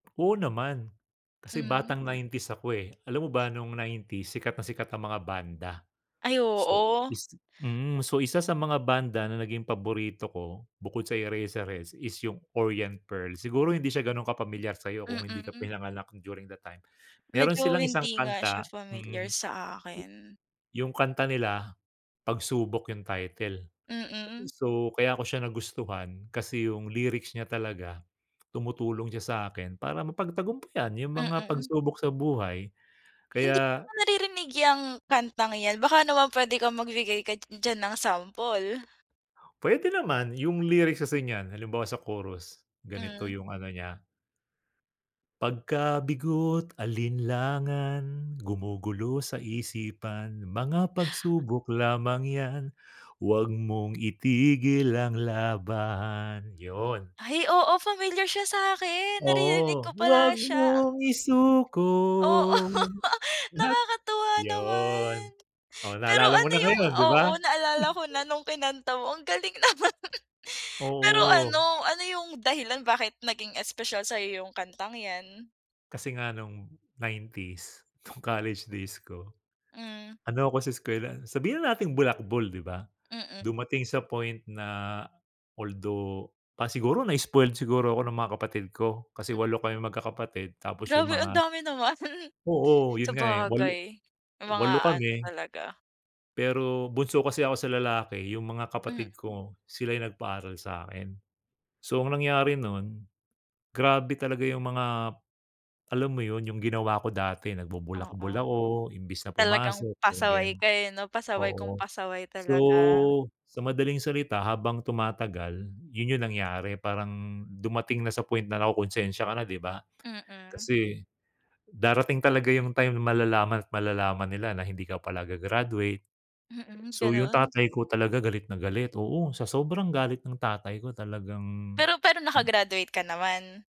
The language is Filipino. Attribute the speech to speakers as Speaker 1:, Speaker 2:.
Speaker 1: Oo naman, kasi
Speaker 2: Hmm.
Speaker 1: batang '90s ako eh. Alam mo ba nung '90s sikat na sikat ang mga banda.
Speaker 2: Ay
Speaker 1: So
Speaker 2: oo.
Speaker 1: is mm, so isa sa mga banda na naging paborito ko bukod sa Eraserheads is 'yung Orient Pearl. Siguro hindi siya gano'n kapamilyar sa'yo kung hindi ka
Speaker 2: Mm.
Speaker 1: pinanganak during the time. Meron
Speaker 2: Medyo
Speaker 1: silang isang
Speaker 2: hindi nga siya
Speaker 1: kanta, hmm,
Speaker 2: familiar sa akin.
Speaker 1: 'yung kanta nila Pagsubok 'yung title.
Speaker 2: Mm.
Speaker 1: So kaya ko siya nagustuhan kasi 'yung lyrics niya talaga tumutulong siya sa akin para mapagtagumpayan 'yung mga
Speaker 2: Mm.
Speaker 1: pagsubok sa buhay.
Speaker 2: Hindi ko
Speaker 1: Kaya
Speaker 2: pa naririnig 'yang kantang 'yan, baka naman puwede kang magbigay ka diyan ng sample.
Speaker 1: Puwede naman 'yung lyrics kasi niyan halimbawa sa chorus, ganito
Speaker 2: Hmm.
Speaker 1: 'yung ano niya. Pagkabigo't alinlangan gumugulo sa isipan mga pagsubok lamang 'yan huwag mong itigil ang laban, 'yon.
Speaker 2: Ay oo, familiar siya sa'kin, naririnig
Speaker 1: Oo,
Speaker 2: ko pala
Speaker 1: huwag
Speaker 2: siya
Speaker 1: mong
Speaker 2: ang
Speaker 1: isuko
Speaker 2: Oo
Speaker 1: at
Speaker 2: nakakatuwa
Speaker 1: 'Yun,
Speaker 2: naman.
Speaker 1: oh
Speaker 2: Pero
Speaker 1: naalala mo
Speaker 2: ano
Speaker 1: na
Speaker 2: 'yung
Speaker 1: ngayon 'di ba.
Speaker 2: oo naalala ko na nung kinanta mo, ang galing naman. Pero
Speaker 1: Oo.
Speaker 2: ano ano 'yung dahilan bakit naging espesyal sa'yo 'yung kantang 'yan?
Speaker 1: Kasi nga nung '90s, nung college days ko,
Speaker 2: Hmm.
Speaker 1: ano ako sa eskuwelan, sabihin na nating bulakbol 'di ba.
Speaker 2: Mm.
Speaker 1: Dumating sa point na although pa siguro na spoiled siguro ako ng mga kapatid ko, kasi 8 kaming magkakapatid tapos 'yung
Speaker 2: Grabe ang
Speaker 1: mga
Speaker 2: dami naman.
Speaker 1: oo 'yun nga eh, 8
Speaker 2: Sabagay, may mga
Speaker 1: 8
Speaker 2: ano
Speaker 1: kami,
Speaker 2: talaga.
Speaker 1: pero bunso kasi ako sa lalaki 'yung mga
Speaker 2: Hmm.
Speaker 1: kapatid ko sila 'yung nagpaaral sa akin. So ang nangyari nun, grabe talaga 'yung mga, alam mo 'yun, 'yung ginawa ko dati, nagbubulakbol
Speaker 2: Oo,
Speaker 1: ako imbis na
Speaker 2: talagang
Speaker 1: pumasok, 'yung
Speaker 2: pasaway
Speaker 1: ganiyan,
Speaker 2: kayo 'no, pasaway kung
Speaker 1: oo.
Speaker 2: pasaway
Speaker 1: So
Speaker 2: talaga.
Speaker 1: sa madaling salita, habang tumatagal 'yun 'yung nangyari parang dumating na sa point na nakukonsensya ka na 'di ba,
Speaker 2: Mm.
Speaker 1: kasi darating talaga 'yung time malalaman at malalaman nila na hindi ka pala ga-graduate.
Speaker 2: Mm,
Speaker 1: So 'yung
Speaker 2: gano'n.
Speaker 1: tatay ko talaga galit na galit, oo sa sobrang galit ng tatay ko talagang
Speaker 2: Pero pero naka graduate ka naman?